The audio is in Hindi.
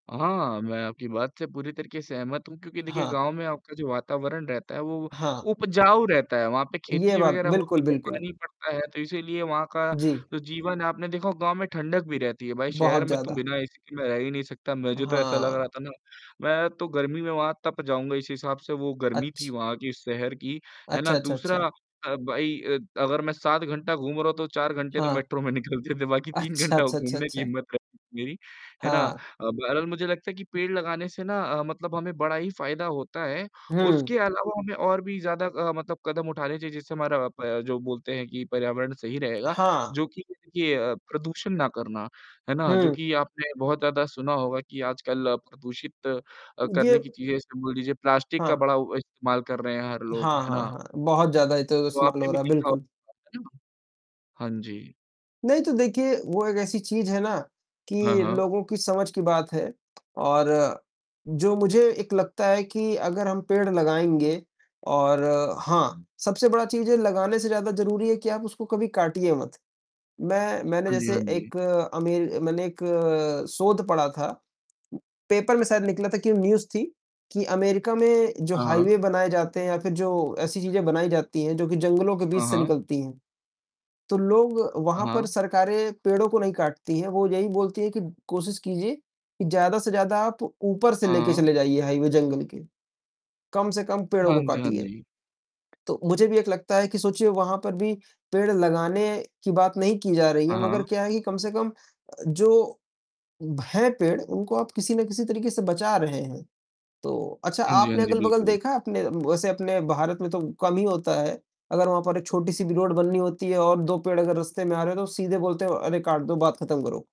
हाँ, मैं आपकी बात से पूरी तरीक़े से सहमत हूँ क्योंकि देखिए हाँ। गाँव में आपका जो वातावरण रहता है वो हाँ। उपजाऊ रहता है, वहाँ पे ये ख़ेती बात वग़ैरह बिल्कुल, होती है, बिल्कुल। पानी पड़ता है तो इसीलिए वहाँ का जी। जो जीवन आपने देखा होगा गाँव में ठंडक भी रहती है, भाई बहुत शहर में तो ज़्यादा। बिना एसी के मैं रह ही नहीं सकता, मुझे तो ऐसा लग हाँ। रहा था ना मैं तो गर्मी में वहाँ तप जाऊँगा, इसी हिसाब से वो गर्मी थी अच्छ वहाँ की शहर की, है ना? अच्छा, अच्छा, दूसरा अच्छा। अ, भाई अ, अगर मैं 7 घंटा घूम रहा हूँ तो 4 घंटे तो हाँ। मेट्रो में निकलते थे बाकी 3 अच्छा, घंटा अच्छा, अच्छा, घूमने की अच्छा। हिम्मत रहती थी मेरी, है ना? अ, हाँ। बहरहाल मुझे लगता है कि पेड़ लगाने से ना अ, मतलब हमें बड़ा ही फ़ायदा होता है, हुँ। उसके अलावा हमें और भी ज़्यादा अ, मतलब कदम उठाने चाहिए जिससे हमारा अ, ब जो बोलते हैं कि पर्यावरण सही रहेगा हाँ। जो कि देखिए प्रदूषण ना करना, है ना? जो हुँ। कि आपने बहुत ज़्यादा सुना होगा कि आजकल प्रदूषित अ, ये करने की चीज़ें जैसे बोल दीजिए प्लास्टिक का हाँ। बड़ा इस्तेमाल कर रहे हैं हर लोग, हाँ, है हाँ, ना? हाँ। बहुत ज़्यादा ये तो तो इस्तेमाल आपने भी रहा है, देखा बिल्कुल। होगा, है ना? हाँ जी। नहीं, तो देखिए वो एक ऐसी चीज़ है ना हाँ, कि हाँ। लोगों की समझ की बात है और जो मुझे एक लगता है कि अगर हम पेड़ लगाएँगे और हाँ, सबसे बड़ा चीज़ है लगाने से ज़्यादा ज़रूरी है कि आप उसको कभी काटिए मत। मैं मैंने हाँ जी, जैसे हाँ जी। एक अमेर मैंने एक शोध पढ़ा था, पेपर में शायद निकला था कि न्यूज़ थी कि अमेरिका में जो हाँ, हाँ। हाईवे बनाए जाते हैं या फ़िर जो ऐसी चीज़ें बनाई जाती हैं जो कि जंगलों के बीच हाँ। से हाँ। निकलती हैं, तो लोग हाँ। वहाँ पर हाँ। सरकारें पेड़ों को नहीं काटती है, वह यही बोलती है कि कोशिश कीजिए कि ज़्यादा से ज़्यादा आप ऊपर से लेकर हाँ। चले जाइए हाईवे जंगल के, कम से कम पेड़ों हाँ को जी, हाँ काटिए। जी। तो मुझे भी एक लगता है कि सोचिए वहाँ पर भी पेड़ लगाने की बात नहीं की जा रही हाँ। है, मगर हाँ। क्या है कि कम से कम जो हैं पेड़ उनको आप किसी ना किसी तरीक़े से बचा रहे हैं, तो अच्छा हाँ जी, हाँ आपने जी। अगल-बगल बिल्कुल। देखा है आपने वैसे अपने भारत में तो कम ही होता है, अगर वहाँ पर एक छोटी-सी भी रोड बननी होती है और 2 पेड़ अगर रास्ते में आ रहे तो सीधे बोलते हैं अरे! काट दो बात ख़त्म करो।